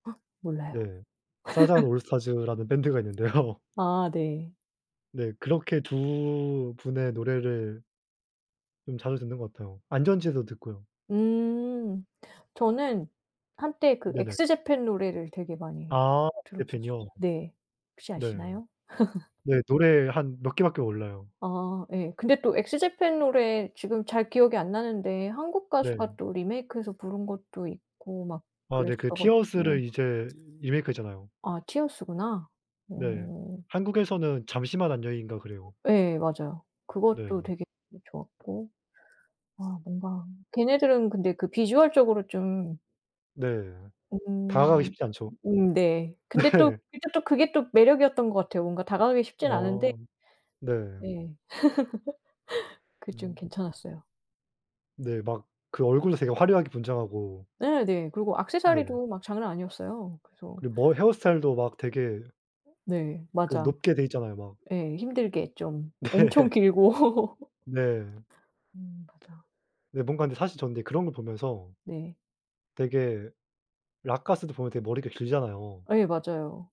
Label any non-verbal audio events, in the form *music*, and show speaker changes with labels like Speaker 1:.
Speaker 1: 어 몰라요.
Speaker 2: 네. 사잔
Speaker 1: *laughs*
Speaker 2: 올스타즈라는 밴드가 있는데요.
Speaker 1: 아 네.
Speaker 2: 네. 그렇게 두 분의 노래를 좀 자주 듣는 것 같아요. 안전지대도 듣고요.
Speaker 1: 음. 저는 한때 그
Speaker 2: 네네.
Speaker 1: 엑스 제팬 노래를 되게 많이
Speaker 2: 아
Speaker 1: 들었었어
Speaker 2: 재팬이요.
Speaker 1: 네. 혹시
Speaker 2: 네.
Speaker 1: 아시나요? *laughs*
Speaker 2: 네. 노래 한 몇 개 밖에 몰라요.
Speaker 1: 아 예. 근데 또 엑스 제팬 노래 지금 잘 기억이 안 나는데 한국
Speaker 2: 네.
Speaker 1: 가수가 또 리메이크해서 부른 것도 있고 막
Speaker 2: 아 네. 그
Speaker 1: 그랬어 가지고.
Speaker 2: 티어스를 이제 리메이크했잖아요.
Speaker 1: 아 티어스구나.
Speaker 2: 네.
Speaker 1: 어.
Speaker 2: 한국에서는 잠시만 안녕인가 그래요.
Speaker 1: 예 맞아요. 그것도
Speaker 2: 네.
Speaker 1: 되게 좋았고. 아 뭔가 걔네들은 근데 그 비주얼적으로 좀
Speaker 2: 네. 다가가기
Speaker 1: 음
Speaker 2: 쉽지 않죠.
Speaker 1: 음 네. 근데 또
Speaker 2: 네.
Speaker 1: 이제 또 그게 또 매력이었던 것 같아요. 뭔가 다가가기 쉽진 않은데
Speaker 2: 아 네.
Speaker 1: 네. *laughs* 그게 좀
Speaker 2: 음.
Speaker 1: 괜찮았어요.
Speaker 2: 네. 막 그 얼굴도 되게 화려하게 분장하고.
Speaker 1: 예. 네. 그리고
Speaker 2: 네.
Speaker 1: 액세서리도 막 장난 아니었어요. 그래서
Speaker 2: 그리고 머 헤어스타일도 막 되게
Speaker 1: 어 네
Speaker 2: 그
Speaker 1: 맞아.
Speaker 2: 높게 돼 있잖아요 막.
Speaker 1: 예 힘들게 좀 엄청
Speaker 2: 네.
Speaker 1: 길고. *laughs*
Speaker 2: 네.
Speaker 1: 음 맞아.
Speaker 2: 근데 뭔가 근데 사실 저는 그런 걸 보면서
Speaker 1: 네.
Speaker 2: 되게 록가수도 보면 되게 머리가 길잖아요.
Speaker 1: 예 맞아요.